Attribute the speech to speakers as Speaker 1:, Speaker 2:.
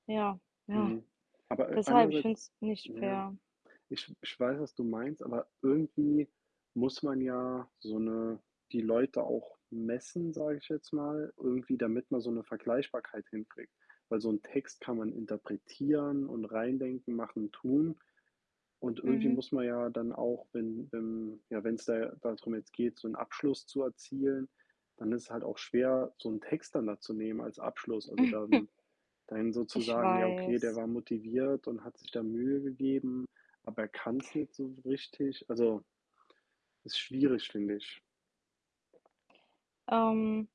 Speaker 1: Ja, ja.
Speaker 2: Mhm. Aber a
Speaker 1: Deshalb, ich
Speaker 2: andererseits
Speaker 1: find's nicht
Speaker 2: na ja,
Speaker 1: fair.
Speaker 2: ich ich weiß, was du meinst, aber irgendwie muss man ja, so 'ne die Leute auch messen, sage ich jetzt mal, irgendwie, damit man so 'ne Vergleichbarkeit hinkriegt. Weil so 'n Text kann man interpretieren und reindenken, machen, tun. Und irgendwie
Speaker 1: Mhm.
Speaker 2: muss man ja dann auch, wenn wenn ja, wenn's da darum jetzt geht, so 'n Abschluss zu erzielen, dann ist es halt auch schwer, so 'n Text dann da zu nehmen als Abschluss. Also dann dann so zu
Speaker 1: Ich
Speaker 2: sagen: „Ja okay, der
Speaker 1: weiß.
Speaker 2: war motiviert und hat sich da Mühe gegeben, aber er kann's nicht so richtig.“ Also ist schwierig, finde ich.
Speaker 1: Ähm.